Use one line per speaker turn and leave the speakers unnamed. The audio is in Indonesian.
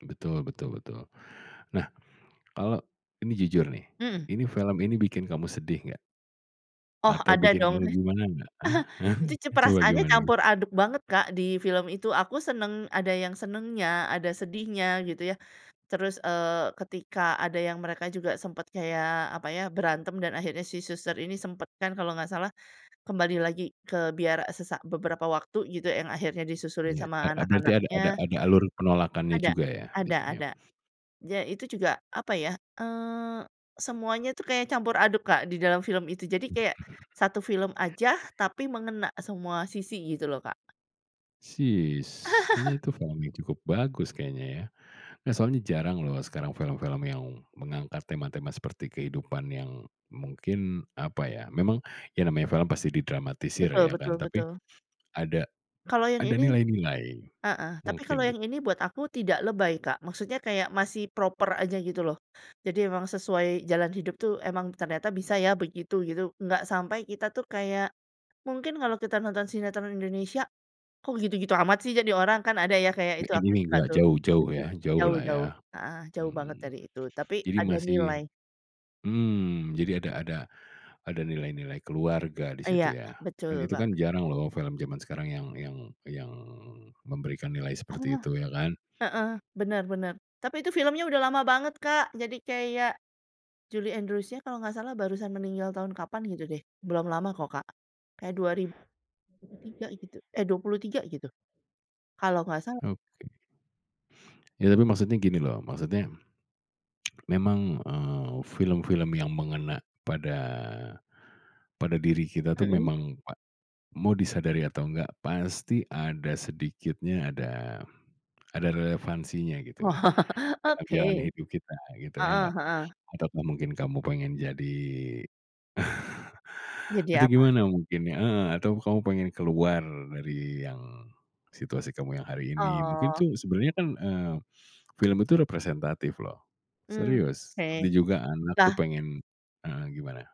E betul betul betul. Nah, kalau ini jujur nih,
Mhm.
ini film ini bikin kamu sedih, nggak?
Oh,
Atau
ada
bikin
dong.
kamu gimana nggak? Ah hah,
Itu cu
coba
perasannya
gimana
campur
gimana?
aduk banget, Kak, di film itu. Aku seneng ada yang senengnya, ada sedihnya gitu ya. Terus, eee, ketika ada yang mereka juga sempet kayak apa ya, berantem dan akhirnya si suster ini sempet kan kalau nggak salah, kembali lagi ke biara, eee, se sak beberapa waktu, gitu. Yang akhirnya disusurin
Iya.
sama
A a berarti ada ada
anak-anaknya
ada alur penolakannya
Ada,
juga ya, di
ada
scene-nya?
ada. Ya itu juga, apa ya, eee, semuanya itu kayak campur aduk, Kak, di dalam film itu. Jadi kayak,
Mhm.
satu film aja, tapi mengena semua sisi, gitu loh Kak.
Sis, kayaknya itu film yang cukup bagus kayaknya, ya? Nggak, soalnya jarang loh, sekarang film-film yang mengangkat tema-tema seperti kehidupan yang mungkin, apa ya, memang, ya namanya film pasti didramatisir
Betul
ya,
betul
kan? Tapi,
betul.
ada
Kalau yang
ada
ini
nilai-nilai
heeh, tapi
mungkin
kalau
tuh.
yang ini buat aku tidak lebay, Kak. Maksudnya kayak masih proper aja, gitu loh. Jadi emang sesuai jalan hidup tuh, emang ternyata bisa ya, begitu, gitu. Nggak sampai kita tuh, kayak mungkin kalau kita nonton sinetron Indonesia, "Kok gitu-gitu amat sih, jadi orang?" Kan ada ya, kayak itu,
Mungkin
aku
ini,
suka
nggak
tuh
jauh-jauh
tum
ya, jauh
jauh
lah, ya,
jauh, heeh, jauh banget
mhm.
dari itu. Tapi
Jadi
ada
masih
nilai
mhm, jadi ada ada ada nilai-nilai keluarga di
Iya.
situ ya,
Betul
kan itu
banget,
kan,
Kak.
jarang loh film zaman sekarang yang yang yang memberikan nilai seperti
Oh,
itu, ya kan?
heeh, benar benar. Tapi itu filmnya udah lama banget, Kak. Jadi kayak, Julie Andrewsnya kalau nggak salah, barusan meninggal tahun kapan, gitu deh, Belum lama kok, Kak. Kayak 2003 gitu, eh, 23 gitu, kalau nggak salah.
Oke. Ya tapi maksudnya gini loh. Maksudnya, memang, eee, film-film yang mengena pada pada diri kita tuh,
Mhm.
memang pa mau disadari atau enggak, pasti ada sedikitnya ada ada relevansinya gitu. Karena jalan
Oke.
hidup kita, gitu, ya
Heeh
nggak,
heeh.
ataupun mungkin kamu pengen jadi
Jadi
itu
apa?
gimana mungkin iya, heeh, atau kamu pengen keluar dari yang situasi kamu yang hari ini, mungkin
Oh.
itu sebenarnya kan, eee, film itu representatif loh,
Mmm.
serius.
Oke.
Seperti juga anak tuh,
Lah?
pengen heeh, gimana?